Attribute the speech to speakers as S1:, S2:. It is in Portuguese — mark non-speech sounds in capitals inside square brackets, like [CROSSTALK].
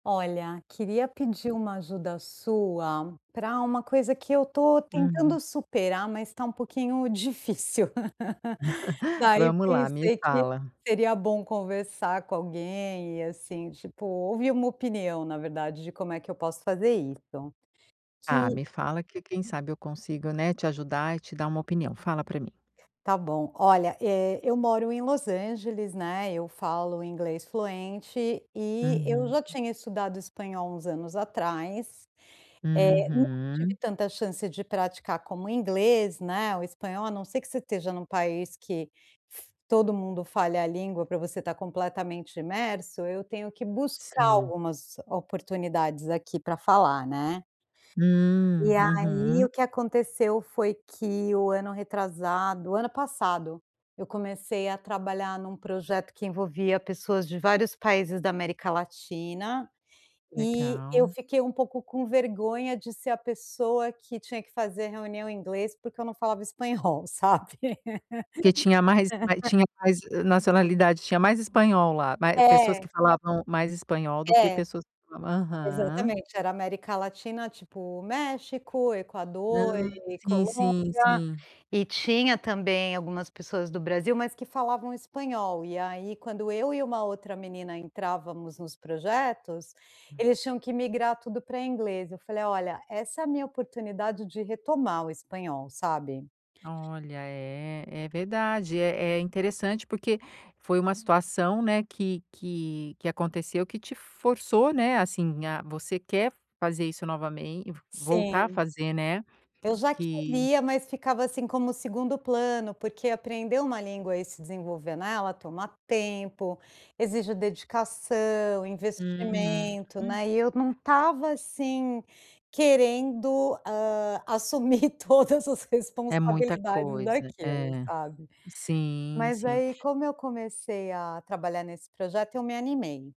S1: Olha, queria pedir uma ajuda sua, pra uma coisa que eu estou
S2: Uhum.
S1: tentando superar, mas está um pouquinho difícil. [CHUCKLES]
S2: [CHUCKLES]
S1: Daí,
S2: Vamos lá, me
S1: pensei que
S2: fala.
S1: seria bom conversar com alguém e assim, tipo, ouvir uma opinião na verdade de como é que eu posso fazer isso,
S2: Ah,
S1: que
S2: me fala que quem sabe eu consigo, né, te ajudar e te dar uma opinião, fala para mim.
S1: Está bom. Olha, eh, eu moro em Los Angeles, né, eu falo inglês fluente e eu
S2: Uhum.
S1: já tinha estudado espanhol uns anos atrás, eh, e não tive
S2: Uhum.
S1: tanta chance de praticar como inglês, né, o espanhol, a não ser que você esteja num país que todo mundo fale a língua para você estar completamente imerso, eu tenho que buscar
S2: Sim.
S1: algumas oportunidades aqui para falar, né.
S2: Hum.
S1: E aí,
S2: Uhum.
S1: o que aconteceu foi que o ano retrasado, o ano passado, eu comecei a trabalhar num projeto que envolvia pessoas de vários países da América Latina, E eu
S2: Legal.
S1: fiquei um pouco com vergonha de ser a pessoa que tinha que fazer reunião em inglês porque eu não falava espanhol, sabe.
S2: Que tinha mais mais,
S1: [LAUGHS]
S2: tinha mais, hã, nacionalidade, tinha mais espanhol lá, mai pessoas que
S1: É.
S2: falavam mais espanhol, do que
S1: É.
S2: pessoas aham.
S1: Exatamente era América Latina, tipo, México, Equador
S2: Ah,
S1: e
S2: sim,
S1: Colômbia
S2: sim, sim.
S1: e tinha, também, algumas pessoas do Brasil, mas que falavam espanhol ,e aí quando, eu e uma outra menina entrávamos nos projetos,
S2: Hum.
S1: eles tinham que migrar tudo pra inglês, eu falei: "Olha, essa é a minha oportunidade de retomar o espanhol, sabe."
S2: Olha, é, é verdade é é interessante, porque foi uma situação, né, que que que aconteceu que te f-forçou, né, assim, a você quer fazer isso novame voltar a
S1: Sim.
S2: fazer, né,
S1: Eu já
S2: que
S1: queria, mas ficava, assim, como o segundo plano porque aprender uma língua e se desenvolver nela toma tempo, exige dedicação,
S2: Uhum.
S1: investimento, né, e eu não estava, assim, querendo, hã, assumir todas as
S2: É muita
S1: responsabilidades
S2: coisa.
S1: daquilo,
S2: É.
S1: sabe.
S2: Sim,
S1: Mas aí
S2: sim.
S1: como eu comecei a trabalhar nesse projeto, me animei.